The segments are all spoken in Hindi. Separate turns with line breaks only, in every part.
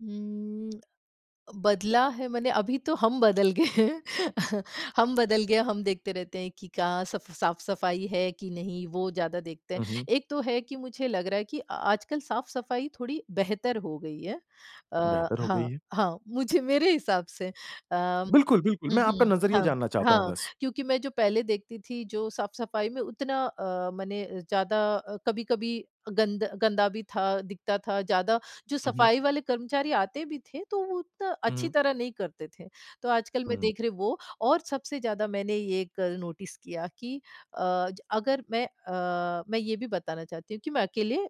उम, अ, बदला है माने अभी तो हम बदल गए हैं। हम बदल गए है। हम देखते रहते हैं कि कहाँ सफ साफ-सफ़ाई है कि नहीं, वो ज़्यादा देखते हैं।
हुँ, हुँ।
एक तो है कि मुझे लग रहा है कि अ आजकल साफ़-सफ़ाई थोड़ी बेहतर हो गई है। अ,
बेहतर हो गई
हाँ,
है।
हाँ। मुझे मेरे हिसाब से अ, हुँ,
बिल्कुल, बिल्कुल, मैं आपका
हुँ।
नज़रिया
हाँ,
जानना चाहता हूँ
हाँ।
बस।
क्योंकि मैं जो पहले देखती थी जो साफ़-सफ़ाई में उतना अ, माने अ, ज़्यादा अ, कभी-कभी गंद गंदा भी था, दिखता था ज़्यादा, जो
हुँ, हुँ।
सफ़ाई वाले कर्मचारी आते भी थे तो वो उतना
हुँ,
अच्छी
हुँ।
तरह नहीं करते थे। तो आजकल मैं
हुँ।
देख रही वो और सबसे ज़्यादा मैंने ये कल नोटिस किया कि अ ज अगर मैं अ, मैं ये भी बताना चाहती हूँ कि मैं अकेले अ,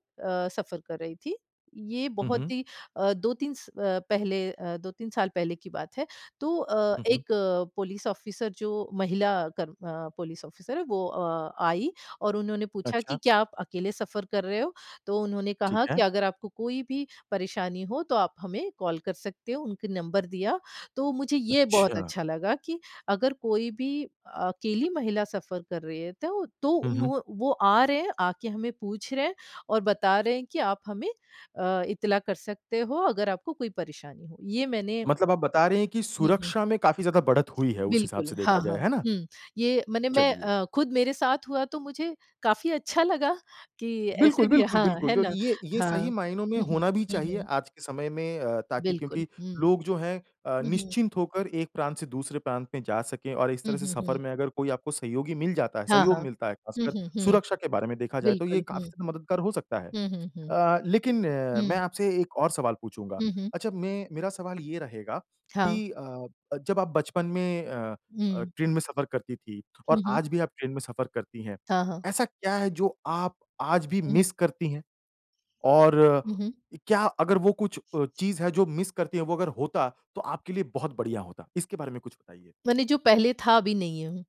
सफ़र कर रही थी। ये
हुँ,
बहुत
हुँ।
ही अ, 2-3 स अ, पहले अ, 2-3 साल पहले की बात है। तो अ,
हुँ, हुँ।
1 पुलिस ऑफ़िसर जो महिला कर्म अ, पुलिस ऑफ़िसर है, वो अ, आई और उन्होंने पूछा कि
अच्छा।
क्या आप अकेले सफ़र कर रहे हो? तो उन्होंने
ठीक
कहा कि
है।
अगर आपको कोई भी परेशानी हो तो आप हमें कॉल कर सकते हो, उनका नंबर दिया। तो मुझे ये बहुत
अच्छा।
अच्छा लगा कि अगर कोई भी अकेली महिला सफ़र कर रही है तो तो
हुँ, हुँ।
उन्हों वो आ रहे हैं, आके हमें पूछ रहे हैं और बता रहे हैं कि आप हमें अ, इत्तला कर सकते हो अगर आपको कोई परेशानी हो। ये मैंने
मतलब आप बता रहे है कि
हुँ, हुँ।
सुरक्षा में काफ़ी ज़्यादा बढ़त हुई है उस हिसाब
बिल्कुल,
से देखा
हाँ,
जाए,
हाँ।
है ना?
हुँ, ये माने मैं
चलिए।
अ, खुद मेरे साथ हुआ तो मुझे, काफ़ी अच्छा लगा कि ऐसे
बिल्कुल,
भी
बिल्कुल,
हाँ,
बिल्कुल,
है
डो
ना?
ये ये
हाँ।
सही मायनों में
हुँ, हुँ।
होना भी
हुँ,
चाहिए
हुँ।
आज के समय में अ, ताकि
बिल्कुल,
क्योंकि
हुँ।
लोग जो है अ,
हुँ, हुँ।
निश्चिंत होकर एक प्रांत से दूसरे प्रांत में जा सके और इस
हुँ,
तरह से
हुँ,
सफ़र
हुँ।
में अगर कोई आपको सहयोगी मिल जाता है
हाँ,
सहयोग
हाँ।
मिलता है
हुँ,
ख़ासकर,
हुँ, हुँ।
सुरक्षा के बारे में देखा जाए तो ये
बिल्कुल, हुँ।
काफ़ी ज़्यादा मददगार हो सकता है।
हुँ, हुँ, हुँ।
अ, लेकिन अ, मैं
हुँ।
आपसे एक और सवाल पूछूँगा।
हुँ, हुँ।
अच्छा मैं मेरा सवाल ये रहेगा
हाँ।
कि अ, जब आप बचपन में अ अ,
हुँ।
ट्रेन में सफ़र करती थी, और
हुँ, हुँ।
आज भी आप ट्रेन में सफ़र करती हैं।
हाँ, हाँ।
ऐसा क्या है जो आप आज भी
हुँ।
मिस करती हैं? और
हुँ, हुँ।
इ क्या अगर वो कुछ अ, चीज़ है जो मिस करती है वो अगर होता, तो आपके लिए बहुत बढ़िया होता? इसके बारे में कुछ बताइए।
माने जो पहले था अभी नहीं है। हुँ।